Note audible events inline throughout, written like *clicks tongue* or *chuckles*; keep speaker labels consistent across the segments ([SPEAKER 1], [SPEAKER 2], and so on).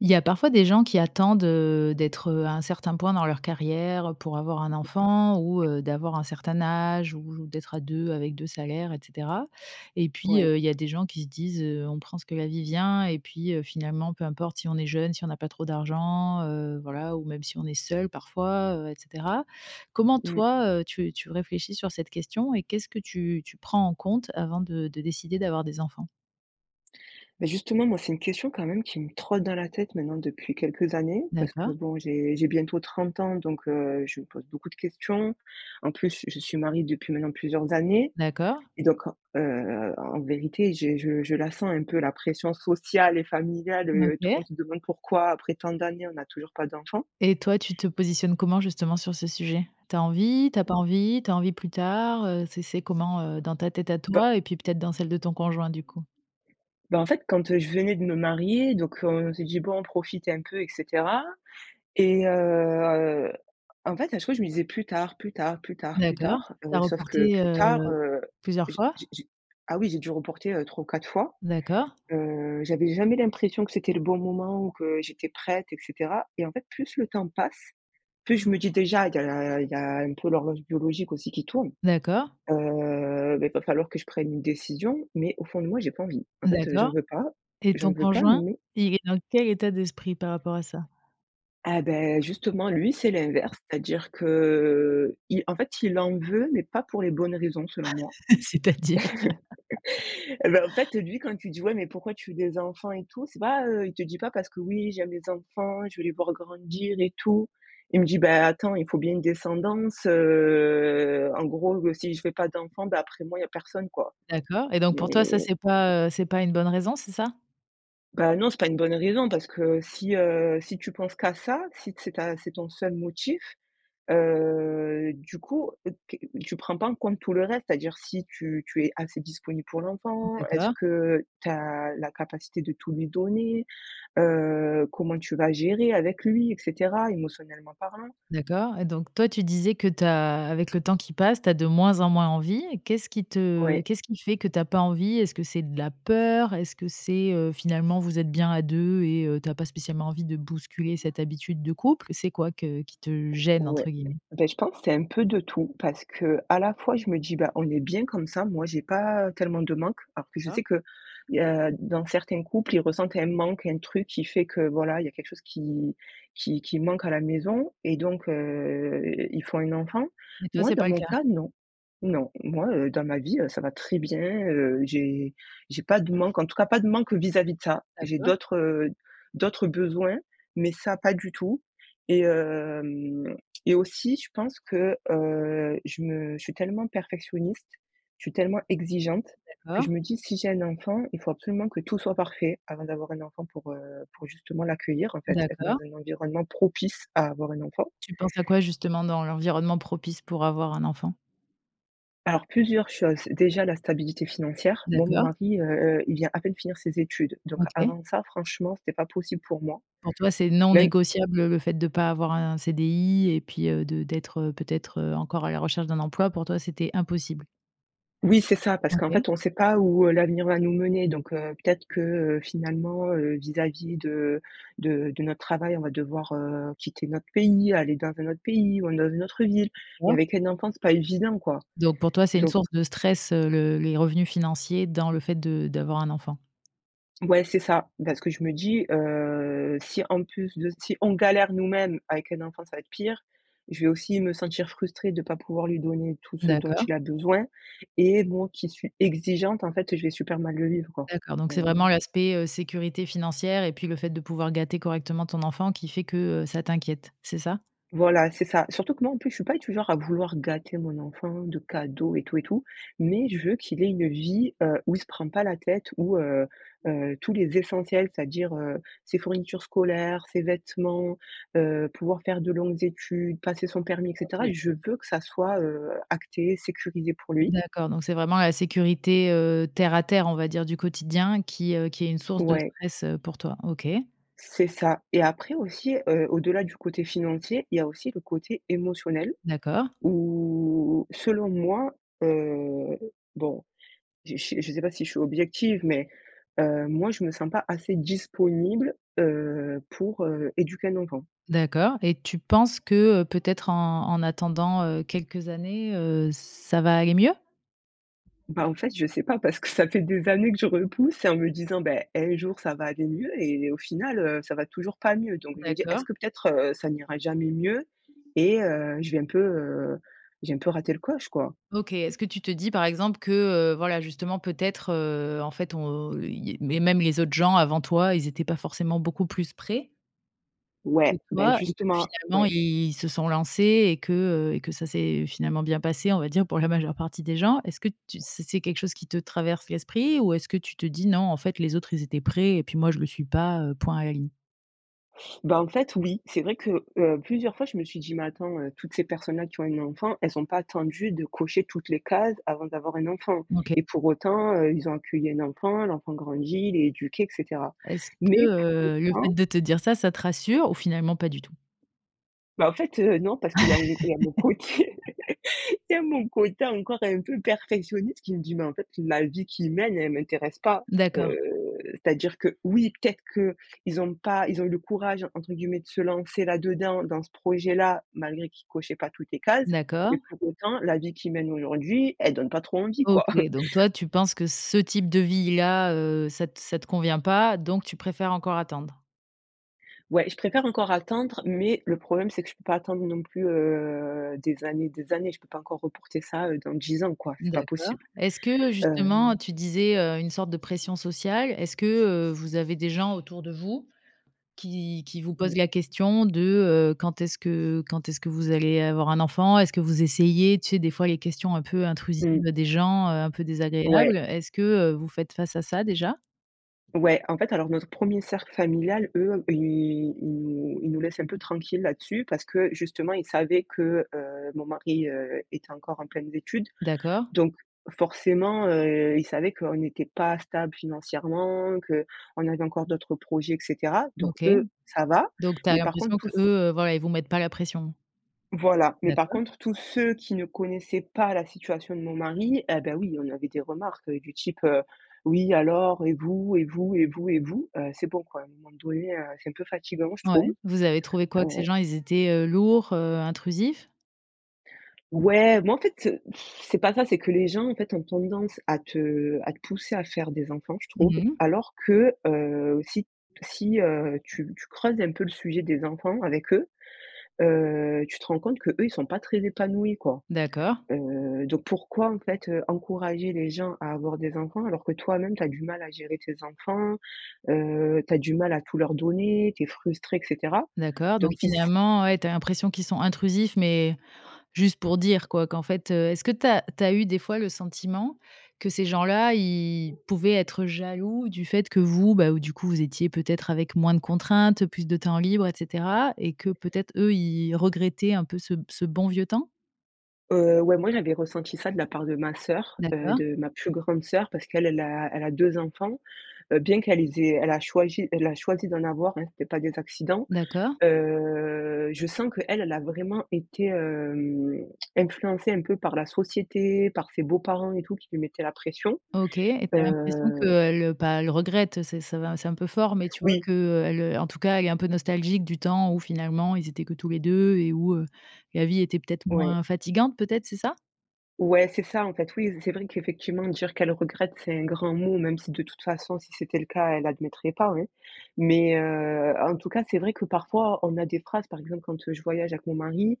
[SPEAKER 1] Il y a parfois des gens qui attendent, heu, d'être, heu, à un certain point dans leur carrière, heu, pour avoir un enfant ou,
[SPEAKER 2] *clears throat*
[SPEAKER 1] heu, d'avoir un certain âge ou d'être à 2 avec 2 salaires et cetera et puis,
[SPEAKER 2] Ouais.
[SPEAKER 1] heu, il y a des gens qui se disent: «Heu, on prend ce que la vie vient et puis, heu, finalement peu importe si on est jeunes, si on a pas trop d'argent, heu, voilà, ou même si on est seul parfois, heu, et cetera». Comment
[SPEAKER 2] Mmh.
[SPEAKER 1] toi, heu, tu tu réfléchis sur cette question? Et qu'est-ce que tu tu prends en compte avant de de décider d'avoir des enfants?
[SPEAKER 2] Bah, justement, moi c'est une question, quand même, qui me trotte dans la tête, maintenant, depuis quelques années. Parce que
[SPEAKER 1] D'accord.
[SPEAKER 2] bon, j'ai j'ai bientôt 30 ans, donc, heu, je me pose beaucoup de questions. En plus, je suis mariée depuis maintenant plusieurs années
[SPEAKER 1] D'accord.
[SPEAKER 2] et donc heu, en vérité, j’ai je je la sens un peu la pression sociale et familiale, heu. Tout le monde
[SPEAKER 1] OK.
[SPEAKER 2] se demande pourquoi, après tant d'années, on a toujours pas d'enfants.
[SPEAKER 1] Et toi tu te positionnes comment justement sur ce sujet? Tu as envie, tu as pas
[SPEAKER 2] Mmh.
[SPEAKER 1] envie, tu as envie plus tard, heu, c'est c'est comment, heu, dans ta tête à
[SPEAKER 2] D’a
[SPEAKER 1] toi et puis peut-être dans celle de ton conjoint, du coup?
[SPEAKER 2] Bah, en fait, quand, heu, je venais de me marier, donc, heu, on s'est dit: «Bon on profite, un peu et cetera» et heu, en fait, à chaque fois, je me disais: «Plus tard, plus tard, plus tard, plus
[SPEAKER 1] D'accord,
[SPEAKER 2] tard»,
[SPEAKER 1] tu as
[SPEAKER 2] heu, sauf que
[SPEAKER 1] reporté,
[SPEAKER 2] plus tard,
[SPEAKER 1] heu,
[SPEAKER 2] heu,
[SPEAKER 1] plusieurs
[SPEAKER 2] j
[SPEAKER 1] fois?
[SPEAKER 2] j j Ah oui j'ai dû reporter, heu, 3 ou 4 fois.
[SPEAKER 1] D'accord.
[SPEAKER 2] Heu, j’avais jamais l'impression que c'était le bon moment ou que j'étais prête et cetera et en fait, plus le temps passe, plus je me dis déjà il y a la il y a un peu l'horloge biologique aussi qui tourne.
[SPEAKER 1] D’accord.
[SPEAKER 2] Heu, bah, il va falloir que je prenne une décision, mais au fond de moi j'ai pas envie. En fait, heu j'en
[SPEAKER 1] D'accord
[SPEAKER 2] veux pas.
[SPEAKER 1] et
[SPEAKER 2] J'en
[SPEAKER 1] ton
[SPEAKER 2] veux pas,
[SPEAKER 1] conjoint,
[SPEAKER 2] mais
[SPEAKER 1] il est dans quel état d'esprit par rapport à ça?
[SPEAKER 2] Ah, bah, justement, lui c'est l'inverse, c'est-à-dire que, il en fait il en veut, mais pas pour les bonnes raisons, selon moi.
[SPEAKER 1] *laughs* C'est-à-dire? *laughs*
[SPEAKER 2] *laughs* Eh bah, en fait, lui quand tu dis: «Ouais, mais pourquoi tu veux des enfants et tout?» C'est pas, heu, il te dit pas parce que: «Oui j'aime les enfants, je vais les voir grandir et tout». Il me dit: «Bah attends, il faut bien une descendance, heu, en gros, ben si je fais pas d'enfants, bah après moi il y a personne quoi».
[SPEAKER 1] D'accord et donc pour toi ça,
[SPEAKER 2] Mai
[SPEAKER 1] c’est pas, heu, c’est pas une bonne raison? C’est ça?
[SPEAKER 2] Bah, non c'est pas une bonne raison parce que si, heu, si tu penses qu'à ça, si c'est ta c’est ton seul motif, heu, du coup, q t tu prends pas en compte tout le reste, c'est-à-dire si tu tu es assez disponible pour l’enfant. Est-ce
[SPEAKER 1] D'accord.
[SPEAKER 2] que tu as la capacité de tout lui donner? Heu, comment tu vas gérer avec lui, et cetera, émotionnellement parlant?
[SPEAKER 1] D'accord et donc toi, tu disais que tu as avec le temps qui passe, tu as de moins en moins envie et qu'est-ce qui te
[SPEAKER 2] Ouais.
[SPEAKER 1] qu'est-ce qui fait que tu as pas envie? Est-ce c'est de la peur? Est-ce que c'est, heu, finalement vous êtes bien à 2 et heu, tu as pas spécialement envie de bousculer cette habitude de couple? C'est quoi que qui te «gêne»
[SPEAKER 2] Ouais.
[SPEAKER 1] entre guillemets?
[SPEAKER 2] Bah, je pense c'est un peu de tout, parce qu'à la fois je me dis: «Bah, on est bien comme ça. Moi j'ai pas tellement de manque». Alors que je
[SPEAKER 1] D'accord.
[SPEAKER 2] sais qu’il y a
[SPEAKER 1] *unintelligible*
[SPEAKER 2] dans certains couples, ils ressentent un manque, un truc qui fait que, voilà, il y a quelque chose qui qui qui manque à la maison et donc heu, ils font un enfant.
[SPEAKER 1] Mais toi,
[SPEAKER 2] Moi
[SPEAKER 1] c'est
[SPEAKER 2] dans
[SPEAKER 1] pas le
[SPEAKER 2] mon
[SPEAKER 1] cas?
[SPEAKER 2] cas non. Non. Moi, heu, dans ma vie, heu, ça va très bien, heu. J'ai j'ai pas de manque en tout cas, pas de manque vis-à-vis de ça, j'ai
[SPEAKER 1] D’accord.
[SPEAKER 2] d'autres, heu, d'autres besoins mais ça, pas du tout et hem et aussi je pense que, heu, je me je suis tellement perfectionniste, je suis tellement exigeante, que je
[SPEAKER 1] D'accord.
[SPEAKER 2] me dis: «Si j'ai un enfant, il faut absolument que tout soit parfait avant d'avoir un enfant pour, heu, pour justement, l'accueillir, en fait, être dans
[SPEAKER 1] D'accord.
[SPEAKER 2] un environnement propice à avoir un enfant».
[SPEAKER 1] Tu penses à quoi justement dans l'environnement propice pour avoir un enfant?
[SPEAKER 2] Alors plusieurs choses, déjà la stabilité financière. Moi, mon
[SPEAKER 1] D'accord.
[SPEAKER 2] mari, heu, heu, il vient à peine finir ses études, donc
[SPEAKER 1] OK.
[SPEAKER 2] avant ça franchement, c’était pas possible pour moi.
[SPEAKER 1] Pour toi, c'est non
[SPEAKER 2] Même
[SPEAKER 1] négociable le le fait de pas avoir un CDI et puis, heu, de d'être, heu, peut-être, heu, encore à la recherche d'un emploi. Pour toi, c'était impossible?
[SPEAKER 2] Oui, c'est ça! Parce qu'en
[SPEAKER 1] OK.
[SPEAKER 2] fait on sait pas où, heu, l'avenir va nous mener donc, heu, peut-être que, heu, finalement, heu, vis-à-vis de de de notre travail, on va devoir, heu, quitter notre pays, aller dans un autre pays, ou dans une autre ville et
[SPEAKER 1] D’accord.
[SPEAKER 2] avec un enfant, c’est pas évident, quoi.
[SPEAKER 1] Donc pour toi c'est une
[SPEAKER 2] Donc
[SPEAKER 1] source de stress, heu, le les revenus financiers dans le fait de d'avoir un enfant?
[SPEAKER 2] Ouais. C'est ça, parce que je me dis, heu: «Si en plus de si on galère nous-mêmes, avec un enfant ça va être pire. Je vais aussi me sentir frustrée de pas pouvoir lui donner tout
[SPEAKER 1] Mmh
[SPEAKER 2] ce dont
[SPEAKER 1] d'accord.
[SPEAKER 2] il a besoin et moi qui suis exigeante, en fait, je vais super mal le vivre, quoi».
[SPEAKER 1] D'accord. Donc c'est vraiment,
[SPEAKER 2] Heu
[SPEAKER 1] l'aspect, heu, sécurité financière et puis le fait de pouvoir gâter correctement ton enfant qui fait que, heu, ça t'inquiète, c'est ça?
[SPEAKER 2] Voilà. C'est ça. Surtout que moi en plus, je suis pas du genre à vouloir gâter mon enfant de cadeaux et tout et tout. Mais je veux qu'il ait une vie, heu, où il se prend pas la tête où, heu, heu, tous les essentiels, c'est-à-dire, heu, ses fournitures scolaires, ses vêtements, heu, pouvoir faire de longues études, passer son permis et cetera,
[SPEAKER 1] OK.
[SPEAKER 2] je veux que ça soit, heu, acté, sécurisé pour
[SPEAKER 1] Mmh
[SPEAKER 2] lui.
[SPEAKER 1] d'accord. Donc, c'est vraiment la sécurité, heu, terre à terre, on va dire, du quotidien qui, heu, qui est une source de
[SPEAKER 2] Ouais.
[SPEAKER 1] stress, heu, pour toi. OK.
[SPEAKER 2] C'est ça et après aussi, heu, au-delà du côté financier, il y a aussi le côté émotionnel,
[SPEAKER 1] D'accord.
[SPEAKER 2] où selon moi, heu, bon je je sais pas, si je suis objective, mais, heu, moi je me sens pas assez disponible, heu, pour, heu, éduquer un enfant.
[SPEAKER 1] D'accord et tu penses que, heu, peut-être en en attendant, heu, quelques années, heu, ça va aller mieux?
[SPEAKER 2] Bah, en fait, je sais pas parce que ça fait des années, que je repousse et en me disant: «Beh, un jour ça va aller mieux et au final, heu, ça va toujours pas mieux». Donc je me dis: «Est-ce
[SPEAKER 1] D’accord.
[SPEAKER 2] que peut-être, heu, ça n’ira jamais mieux et heu, je vais un peu, heu, j'ai un peu raté le coche, quoi?»
[SPEAKER 1] OK. Est-ce que tu te dis, par exemple, que, heu, voilà justement peut-être, heu, en fait on, heu, il il mais même les autres gens avant toi, ils étaient pas forcément beaucoup plus prêts que
[SPEAKER 2] Ouais. Bah
[SPEAKER 1] toi et que
[SPEAKER 2] justement.
[SPEAKER 1] finalement,
[SPEAKER 2] Ouais.
[SPEAKER 1] i ils se sont lancés et que, heu, et que ça s'est finalement bien passé, on va dire, pour la majeure partie des gens? Est-ce que tu c'est c'est quelque chose qui te traverse l'esprit ou est-ce que tu te dis: «Non en fait, les autres ils étaient prêts et puis moi je le suis pas, heu, point à ligne»?
[SPEAKER 2] Bah, en fait oui. C'est vrai que, heu, plusieurs fois, je me suis dit: «Mais attends, heu, toutes ces personnes-là qui ont un enfant elles ont pas attendu de cocher toutes les cases avant d'avoir un enfant
[SPEAKER 1] OK.
[SPEAKER 2] et pour autant, heu, ils ont accueilli un enfant, l'enfant grandit, il est éduqué et cetera».
[SPEAKER 1] Est-ce que,
[SPEAKER 2] Mais pour
[SPEAKER 1] heu, le fait
[SPEAKER 2] autant
[SPEAKER 1] de te dire ça, ça te rassure ou finalement pas du tout?
[SPEAKER 2] Bah, en fait, heu, non. Parce qu'il y a il y a mon côté
[SPEAKER 1] *laughs*
[SPEAKER 2] *laughs* il y a mon côté encore un peu perfectionniste qui me dit: «Mais en fait, la vie qu’ils mènent, elle m'intéresse pas»,
[SPEAKER 1] D’accord.
[SPEAKER 2] heu, c'est-à-dire que, oui, peut-être qu'ils ont pas ils ont eu le «courage» entre guillemets de se lancer là-dedans, dans ce projet-là, malgré qu'ils cochaient pas toutes les cases, mais
[SPEAKER 1] D'accord.
[SPEAKER 2] pour autant la vie qu’ils mènent aujourd'hui, elle donne pas trop envie, quoi.
[SPEAKER 1] OK.
[SPEAKER 2] *chuckles*
[SPEAKER 1] Donc toi tu penses que ce type de vie là, heu, ça t ça te convient pas, donc tu préfères encore attendre?
[SPEAKER 2] Ouais, je préfère encore attendre mais le problème c'est que je peux pas attendre non plus, heu, des années, des années, je peux pas encore reporter ça, heu, dans 10 ans, quoi, c'est pas
[SPEAKER 1] D'accord.
[SPEAKER 2] possible,
[SPEAKER 1] Est-ce que justement
[SPEAKER 2] hem
[SPEAKER 1] tu disais, heu, une sorte de pression sociale, est-ce que, heu, vous avez des gens autour de vous qui qui vous posent
[SPEAKER 2] Oui.
[SPEAKER 1] la question de, heu, quand est-ce que quand est-ce vous allez avoir un enfant? Est-ce que vous essayez? Tu sais? Des fois les questions un peu intrusives
[SPEAKER 2] Mmh.
[SPEAKER 1] des gens, heu, un peu désagréables,
[SPEAKER 2] Ouais.
[SPEAKER 1] est-ce que, heu, vous faites face à ça, déjà?
[SPEAKER 2] Ouais, en fait, alors notre 1er cercle familial, eux, ils ils nous ils nous laissent un peu tranquilles là-dessus parce que, justement, ils savaient que, heu, mon mari, heu, était encore en pleines études
[SPEAKER 1] D'accord.
[SPEAKER 2] donc forcément, heu, ils savaient qu'on n'était pas stables financièrement, qu'on avait encore d'autres projets et cetera donc
[SPEAKER 1] OK.
[SPEAKER 2] eux, ça va.
[SPEAKER 1] Donc tu as
[SPEAKER 2] Mais par contre
[SPEAKER 1] l'impression
[SPEAKER 2] tous
[SPEAKER 1] qu'eux, heu, voilà, ils vous mettent pas la pression.
[SPEAKER 2] voilà, mais par
[SPEAKER 1] D'accord.
[SPEAKER 2] contre tous ceux qui ne connaissaient pas la situation de mon mari, eh beh, oui, on avait des remarques, heu, du type, heu: «Oui, alors et vous et vous et vous et vous?» Heu, c'est bon quoi, à un moment donné, heu, c'est un peu fatigant, je
[SPEAKER 1] Ouais.
[SPEAKER 2] trouve,
[SPEAKER 1] Vous avez trouvé
[SPEAKER 2] heu
[SPEAKER 1] quoi? Que ces gens ils étaient, heu, lourds, heu, intrusifs?
[SPEAKER 2] Ouais, mais en fait, heu, *blows air* c'est pas ça, c'est que les gens, en fait, ont tendance à te à te pousser à faire des enfants, je trouve,
[SPEAKER 1] Mmh mh.
[SPEAKER 2] alors que, heu, si t si, heu, tu tu creuses un peu le sujet des enfants avec eux, heu, tu te rends compte que eux, ils sont pas très épanouis, quoi,
[SPEAKER 1] D'accord.
[SPEAKER 2] heu, donc pourquoi, en fait, heu, encourager les gens à avoir des enfants alors que toi-même tu as du mal à gérer tes enfants, heu, tu as du mal à tout leur donner, tu es frustré et cetera?
[SPEAKER 1] D'accord,
[SPEAKER 2] Donc
[SPEAKER 1] donc
[SPEAKER 2] ils s
[SPEAKER 1] finalement, ouais, tu as l'impression qu'ils sont intrusifs mais juste pour dire, quoi, qu'en fait, heu, est-ce que tu as tu as eu des fois le sentiment que ces gens-là, ils pouvaient être jaloux du fait que vous, bah, heu, du coup vous étiez peut-être avec moins de contraintes, plus de temps libre et cetera et que peut-être, eux, ils regrettaient un peu ce ce bon vieux temps?
[SPEAKER 2] Heu, ouais, moi, j'avais ressenti ça de la part de ma sœur, heu,
[SPEAKER 1] D'accord.
[SPEAKER 2] de ma plus grande sœur parce qu'elle elle a elle a 2 enfants, heu, bien qu'elle les ait elle a choiji elle a choisi d'en avoir, hein, c'était pas des accidents,
[SPEAKER 1] D'accord.
[SPEAKER 2] heu, je sens qu'elle elle a vraiment été, hem, *clicks tongue* influencée un peu par la société, par ses beaux-parents et tout qui lui mettaient la pression,
[SPEAKER 1] OK et tu as l'impression
[SPEAKER 2] heu
[SPEAKER 1] qu'elle, heu, pas elle regrette, heu, c'est ça va c'est un peu fort, mais tu vois?
[SPEAKER 2] Oui.
[SPEAKER 1] Qu'elle, heu, en tout cas, elle est un peu nostalgique du temps où finalement ils étaient que tous les 2 et où, heu, la vie était peut-être
[SPEAKER 2] Ouais.
[SPEAKER 1] moins fatigante, peut-être, c'est ça?
[SPEAKER 2] Ouais, c'est ça, en fait, oui, c c'est vrai qu'effectivement dire qu'elle regrette c'est un grand mot même si de toute façon, si c'était le cas elle admettrait pas, hein, mais heu, en tout cas, c'est vrai que parfois on a des phrases, par exemple, quand, heu, je voyage avec mon mari,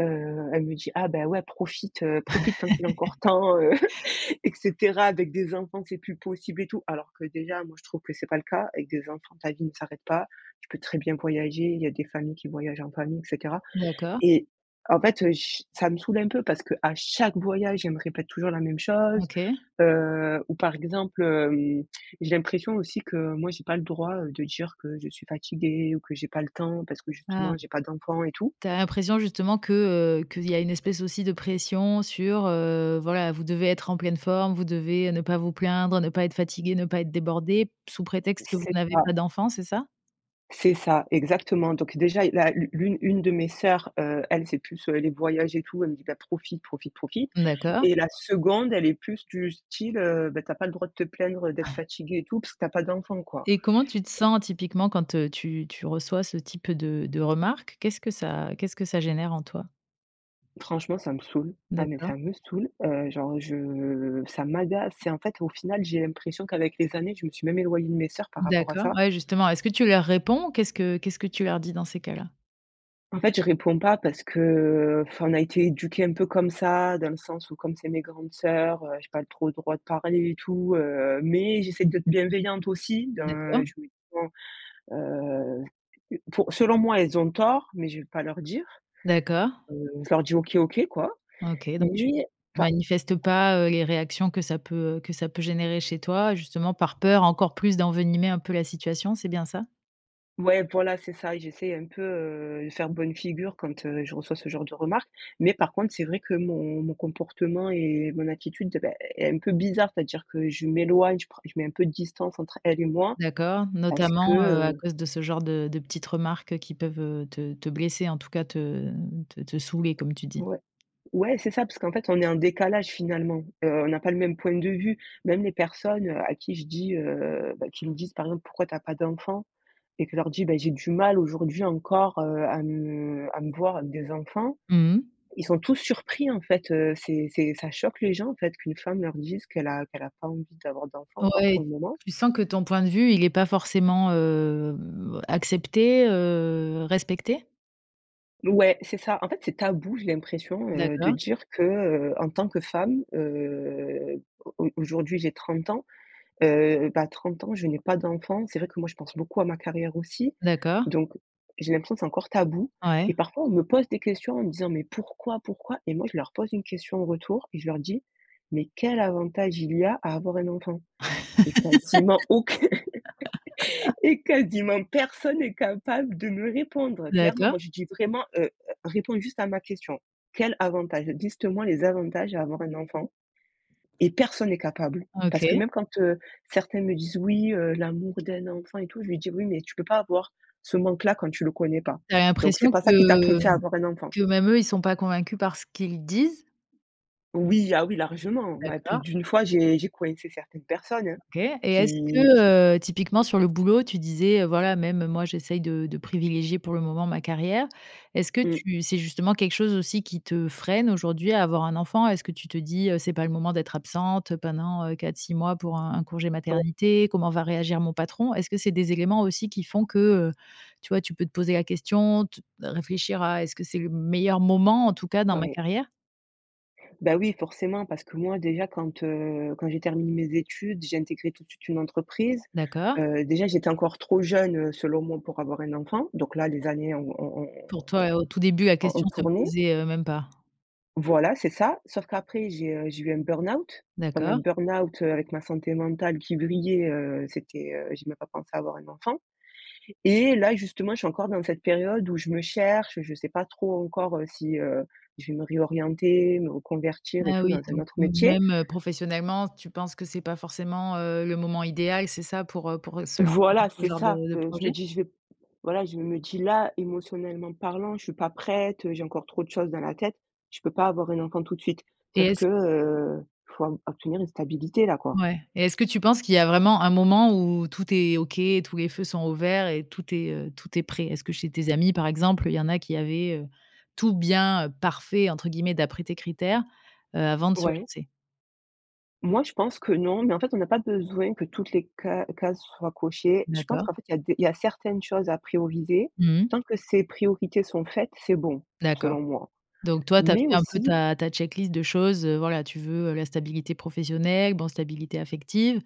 [SPEAKER 2] heu, elle me dit: «Ah, bah, ouais, profite, heu, profite tant qu'il est encore
[SPEAKER 1] *laughs*
[SPEAKER 2] temps, heu *chuckles* et cetera, avec des enfants, c'est plus possible» et tout, alors que déjà, moi, je trouve que c'est pas le cas, avec des enfants ta vie ne s'arrête pas, tu peux très bien voyager, il y a des familles qui voyagent en famille et cetera
[SPEAKER 1] D'accord.
[SPEAKER 2] et en fait, heu, ch ça me saoule un peu parce qu'à chaque voyage elle me répète toujours la même chose,
[SPEAKER 1] OK.
[SPEAKER 2] heu, ou par exemple, hem, j'ai l'impression aussi que, moi, j'ai pas le droit, heu, de dire que je suis fatiguée ou que j'ai pas le temps parce que justement
[SPEAKER 1] Ah.
[SPEAKER 2] j'ai pas d'enfants et tout.
[SPEAKER 1] Tu as l'impression justement que, heu, qu'il y a une espèce aussi de pression sur, heu, voilà, vous devez être en pleine forme, vous devez ne pas vous plaindre, ne pas être fatigués, ne pas être débordés sous prétexte que vous
[SPEAKER 2] C'est
[SPEAKER 1] n'avez
[SPEAKER 2] ça
[SPEAKER 1] pas d'enfant, c'est ça?
[SPEAKER 2] c'est ça, exactement donc déjà, i la l'u l'une une de mes sœurs, heu, elle, c'est plus, heu, les voyages et tout, elle me dit: «Bah, profite, profite, profite»
[SPEAKER 1] D'accord.
[SPEAKER 2] et la 2de, elle est plus du style, heu: «Beh, tu as pas le droit de te plaindre d'être
[SPEAKER 1] *unintelligible*
[SPEAKER 2] fatiguée et tout parce que tu as pas d'enfant», quoi.
[SPEAKER 1] Et comment tu te sens typiquement quand, heu, tu tu reçois ce type de de remarques? Qu'est-ce que ça qu'est-ce que ça génère en toi?
[SPEAKER 2] Franchement, ça me saoule. Ah! Mais
[SPEAKER 1] D'accord.
[SPEAKER 2] ça me saoule! Heu, genre, je ça m'agace. C'est, en fait, au final, j'ai l'impression qu'avec les années, je me suis même éloignée de mes sœurs par rapport à
[SPEAKER 1] D'accord,
[SPEAKER 2] ça.
[SPEAKER 1] ouais, justement, est-ce que tu leur réponds? Qu'est-ce que qu'est-ce que tu leur dis dans ces cas-là?
[SPEAKER 2] En fait, je réponds pas parce que, heu, enfin, on a été éduquées un peu comme ça dans le sens où comme c'est mes grandes sœurs, heu, j'ai pas trop le droit de parler et tout, heu, mais j'essaie d'être bienveillante aussi, d'un
[SPEAKER 1] D'accord.
[SPEAKER 2] *unintelligible* heu, pou selon moi, elles ont tort, mais je vais pas leur dire,
[SPEAKER 1] D'accord.
[SPEAKER 2] heu, je leur dis: «OK, OK», quoi.
[SPEAKER 1] Ok, donc tu
[SPEAKER 2] Mais enfin
[SPEAKER 1] manifestes pas, heu, les réactions que ça peut, heu, que ça peut générer chez toi, justement, par peur encore plus d'envenimer un peu la situation, c'est bien ça?
[SPEAKER 2] Ouais, voilà, c'est ça. J'essaye un peu, heu, de faire bonne figure quand, heu, je reçois ce genre de remarques mais par contre c'est vrai que mon mon comportement et mon attitude, beh, est un peu bizarre. C'est-à-dire que je m'éloigne, je prends je mets un peu de distance entre elles et moi
[SPEAKER 1] D'accord,
[SPEAKER 2] parce que,
[SPEAKER 1] notamment, heu, à
[SPEAKER 2] heu
[SPEAKER 1] cause de ce genre de de petites remarques qui peuvent, heu, te te blesser, en tout cas, te te te saouler comme tu dis?
[SPEAKER 2] Ouais. Ouais, c'est ça parce qu'en fait on est en décalage, finalement, heu, on n'a pas le même point de vue. Même les personnes, heu, à qui je dis, heu, bah, qui me disent, par exemple: «Pourquoi tu as pas d'enfants?» et que leur dis: «Bah, j'ai du mal aujourd'hui encore, heu, à me à me voir avec des enfants»,
[SPEAKER 1] Mmh mh.
[SPEAKER 2] ils sont tous surpris, en fait, heu, c'est c'est ça choque les gens, en fait, qu'une femme leur dise qu'elle a qu'elle a pas envie d'avoir d'enfants encore pour
[SPEAKER 1] Ouais,
[SPEAKER 2] le moment.
[SPEAKER 1] tu sens que ton point de vue, il est pas forcément, hem, accepté, heu, respecté?
[SPEAKER 2] Ouais, c'est ça, en fait, c'est tabou, j'ai l'impression, heu, de
[SPEAKER 1] D'accord.
[SPEAKER 2] dire que, heu, en tant que femme, heu, au au aujourd'hui, j'ai 30 ans, heu, bah 30 ans, je n'ai pas d'enfant. C'est vrai que moi je pense beaucoup à ma carrière aussi
[SPEAKER 1] D'accord.
[SPEAKER 2] donc, j'ai l'impression que c'est encore tabou et
[SPEAKER 1] Ouais.
[SPEAKER 2] parfois on me pose des questions en me disant: «Mais, pourquoi? Pourquoi?» Et moi je leur pose une question en retour et je leur dis: «Mais quel avantage, il y a à avoir un enfant?» Et quasiment aucun
[SPEAKER 1] *laughs*
[SPEAKER 2] et quasiment personne est capable de me répondre, clairement. Moi
[SPEAKER 1] D'accord.
[SPEAKER 2] je dis: «Vraiment, heu, réponds juste à ma question, quel avantage, liste moi les avantages à avoir un enfant». Et personne est capable, parce que
[SPEAKER 1] OK.
[SPEAKER 2] même quand, heu, certains me disent: «Oui, heu, l'amour d'un enfant et tout». Je lui dis oui: «Mais tu peux pas avoir ce manque-là quand tu le connais pas,
[SPEAKER 1] Tu avais
[SPEAKER 2] donc c'est
[SPEAKER 1] l'impression
[SPEAKER 2] pas ça qui t'a
[SPEAKER 1] que
[SPEAKER 2] poussé à avoir un enfant».
[SPEAKER 1] que même eux, ils sont pas convaincus par ce qu'ils disent?
[SPEAKER 2] Oui, ah oui largement, ma plus
[SPEAKER 1] D'accord.
[SPEAKER 2] d'une fois, j'ai j'ai coincé certaines personnes hein.
[SPEAKER 1] OK et est-ce
[SPEAKER 2] Qui qui
[SPEAKER 1] que, heu, typiquement sur le boulot, tu disais, heu: «Voilà même moi j'essaye de de privilégier pour le moment ma carrière». Est-ce que
[SPEAKER 2] Mmh.
[SPEAKER 1] tu c'est justement quelque chose aussi qui te freine aujourd'hui à avoir un enfant? Est-ce que tu te dis, heu: «C'est pas le moment d'être absente, heu, pendant, heu, 4-6 mois pour un un congé
[SPEAKER 2] *unintelligible*
[SPEAKER 1] maternité, comment va réagir mon patron?» Est-ce que c'est des éléments aussi qui font que, heu, tu vois, tu peux te poser la question, te réfléchir à est-ce que c'est le meilleur moment en tout cas, dans ma
[SPEAKER 2] Ouais.
[SPEAKER 1] carrière?
[SPEAKER 2] Bah oui, forcément, parce que moi déjà quand, heu, quand j'ai terminé mes études, j'ai intégré tout de suite une entreprise.
[SPEAKER 1] D'accord.
[SPEAKER 2] Heu, déjà j'étais encore trop jeune, heu, selon moi pour avoir un enfant. Donc là, les années ont ont ont
[SPEAKER 1] Pour toi, au tout début la
[SPEAKER 2] ont ont ont
[SPEAKER 1] question se
[SPEAKER 2] tourné.
[SPEAKER 1] posait, heu, même pas.
[SPEAKER 2] Voilà c'est ça. Sauf qu'après j'ai, heu, j'ai eu un burn-out. Pendant le
[SPEAKER 1] D'accord.
[SPEAKER 2] burn-out, heu, avec ma santé mentale qui vrillait, heu, c'était, heu, j'ai même pas pensé à avoir un enfant et là, justement, je suis encore dans cette période où je me cherche, je sais pas trop encore, heu, si, heu, je vais me réorienter, me reconvertir et
[SPEAKER 1] Ah
[SPEAKER 2] tout
[SPEAKER 1] oui,
[SPEAKER 2] dans un
[SPEAKER 1] donc
[SPEAKER 2] autre
[SPEAKER 1] heu,
[SPEAKER 2] métier
[SPEAKER 1] même, heu, professionnellement, tu penses que c'est pas forcément, heu, le moment idéal, c'est ça, pour, heu, pour se lancer dans
[SPEAKER 2] Voilà
[SPEAKER 1] ce
[SPEAKER 2] c'est
[SPEAKER 1] genre
[SPEAKER 2] ça,
[SPEAKER 1] de de
[SPEAKER 2] heu, je me
[SPEAKER 1] projet?
[SPEAKER 2] dis je vais p voilà je me dis là: «Émotionnellement parlant, je suis pas prête, heu, j'ai encore trop chose dans la tête, je peux pas avoir un enfant tout de suite».
[SPEAKER 1] Et
[SPEAKER 2] Sauf que,
[SPEAKER 1] est-ce
[SPEAKER 2] heu, il faut av obtenir une stabilité là, quoi.
[SPEAKER 1] Ouais et est-ce que tu penses qu'il y a vraiment un moment où tout est OK et tous les feux sont au vert et tout est, heu, tout est prêt? Est-ce que chez tes amis, par exemple, il y en a qui avaient, heu, tout bien, heu, «parfait» entre guillemets, d'après tes critères, heu, avant de se
[SPEAKER 2] Ouais.
[SPEAKER 1] lancer?
[SPEAKER 2] Moi je pense que non, mais en fait, on n'a pas besoin que toutes les ca cases soient cochées. Je pense
[SPEAKER 1] D'accord.
[SPEAKER 2] qu'en fait, il y a des il y a certaines choses à prioriser.
[SPEAKER 1] Mmh mh.
[SPEAKER 2] Tant que ces priorités sont faites c'est bon,
[SPEAKER 1] D'accord.
[SPEAKER 2] selon moi,
[SPEAKER 1] Donc toi, tu as
[SPEAKER 2] mais
[SPEAKER 1] fait un peu
[SPEAKER 2] aussi
[SPEAKER 1] ta ta checklist de choses, heu, voilà tu veux, heu, la stabilité professionnelle, bon, stabilité affective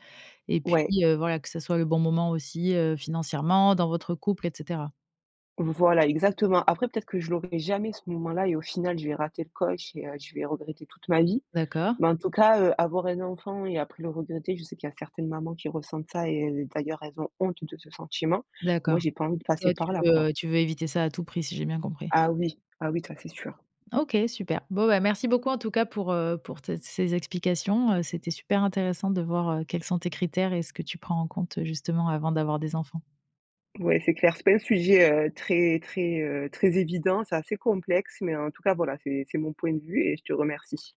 [SPEAKER 1] et puis,
[SPEAKER 2] Ouais.
[SPEAKER 1] heu, voilà que ça soit le bon moment aussi, heu, financièrement, dans votre couple et cetera.
[SPEAKER 2] Voilà, exactement, après, peut-être, que je l'aurais jamais ce moment-là et au final, je vais rater le coche et heu, je vais regretter toute ma vie.
[SPEAKER 1] D'accord.
[SPEAKER 2] Mais en tout cas, heu, avoir un enfant et après le regretter je sais qu'il y a certaines mamans qui ressentent ça et d d'ailleurs, elles ont honte de ce sentiment. Moi
[SPEAKER 1] D'accord.
[SPEAKER 2] j'ai pas envie de passer
[SPEAKER 1] Toi tu
[SPEAKER 2] par là, quoi.
[SPEAKER 1] veux, heu, tu veux éviter ça à tout prix? Si j'ai bien compris.
[SPEAKER 2] Ah oui, ah oui, ça c'est sûr.
[SPEAKER 1] OK, super, bon bah, merci beaucoup en tout cas pour, heu, pour tes ces explications heu, c'était super intéressant de voir, heu, quels sont tes critères et ce que tu prends en compte, heu, justement, avant d'avoir des enfants.
[SPEAKER 2] Ouais, c'est clair, c'est pas un sujet, heu, très, très, heu, très évident, c'est assez complexe, mais en tout cas voilà, c'est, c'est mon point de vue et je te remercie.